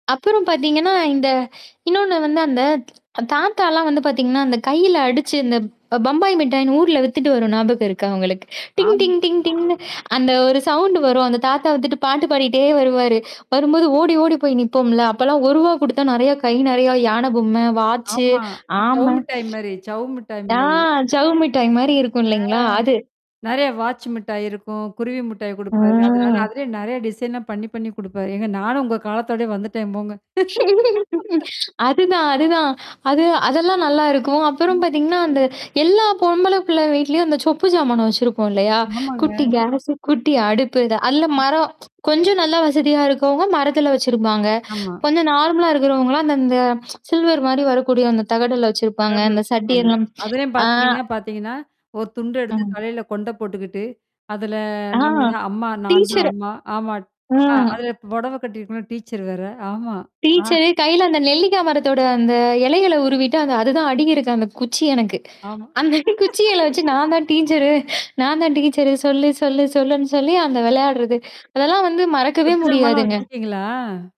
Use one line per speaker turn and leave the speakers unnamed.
அப்புறம் பார்த்தீங்கன்னா, இந்த இன்னொன்னு வந்து அந்த தாத்தாலாம் வந்து பார்த்தீங்கன்னா, அந்த கையில அடிச்சு அந்த பம்பாய் மிட்டாயின்னு ஊர்ல வித்துட்டு வரும் ஞாபகம் இருக்க உங்களுக்கு. டிங்
ஆம்.
டிங் டிங் டிங்னு அந்த ஒரு சவுண்ட் வரும். அந்த தாத்தா வித்துட்டு பாட்டு பாடிட்டே வருவாரு. வரும்போது ஓடி, ஓடி போய் நிப்போம்ல. அப்பலாம் ஒருவா குடுத்தா நெறைய கை நெறைய யான பொம்மை, வாச்சு,
ஆமா.
ஆம.
சவ்வு மிட்டாய் மாரி சவ்வு மிட்டாய்
ஆ
மாரி.
சவ்வு மட்டாய் மாரி இருக்கும்
ஆ.
இல்லைங்களா? அது?
நெறைய வாட்ச் மிட்டாய் இருக்கும், குருவி மிட்டாய் குடுப்பாரு. அதனால
ம்.
அதிலயே நெறைய டிசைனா பண்ணி பண்ணி குடுப்பாரு. ஏங்க நானும் உங்க காலத்தோடயே வந்துட்டேன் போங்க.
அதுதான் அதுதான். அது அதெல்லாம் நல்லா இருக்கும். அப்புறம்
ம்.
பார்த்தீங்கன்னா, அந்த எல்லா பொம்பள புள்ள வீட்லயும் அந்த சொப்பு சமானம் வச்சிருப்போம் இல்லையா?
ஆமாங்க.
குட்டி கேஸ், குட்டி அடுப்பு இத அதல
ஆம்.
மரம் கொஞ்சம் நல்லா வசதியா இருக்கவங்க, மரத்தில வச்சிருப்பாங்க.
ஆமா.
கொஞ்சம் நார்மலா இருக்கிறவங்கலாம் அந்த அந்த சில்வர் மாரி வரக்கூடிய அந்த தகடுல்ல வச்சிருப்பாங்க.
பெரம்பு
அந்த
வச்சிருப்பாங்க.
சட்டிெல்லாம்
அதிலயும்
ஆ.
பார்த்தீங்கன்னா பார்த்தீங்கன்னா, ஒரு துண்டு எடுத்து
ம்.
தலையில கொண்ட போட்டுக்கிட்டு, அதல
ஆ.
நம்ம தான் அம்மா நான் தான்
டீச்சர
அம்மா. ஆமாட் ஆ
ம்.
அதில இ புடவ கட்டியிருக்கணும் டீச்சர் வேற. ஆமா. ஆ.
டீச்சரு கையில அந்த நெல்லிக்க மரத்தோட அந்த இலையல உருவிட்டு அந்த அதுதான் அடுகிருக்கு அந்த குச்சி எனக்கு.
ஆமா.
அந்த குச்சிய இல வச்சு நான் தான் டீச்சரு, நான் தான் டீச்சரு. சொல்லு, சொல்லு, சொல்லுன்னு சொல்லி அந்த விளையாடுறது. அதெல்லாம் வந்து மறக்கவே
செப்பு ஜமாலாம்
முடியாதுங்க.
வச்சிருக்கீங்களா?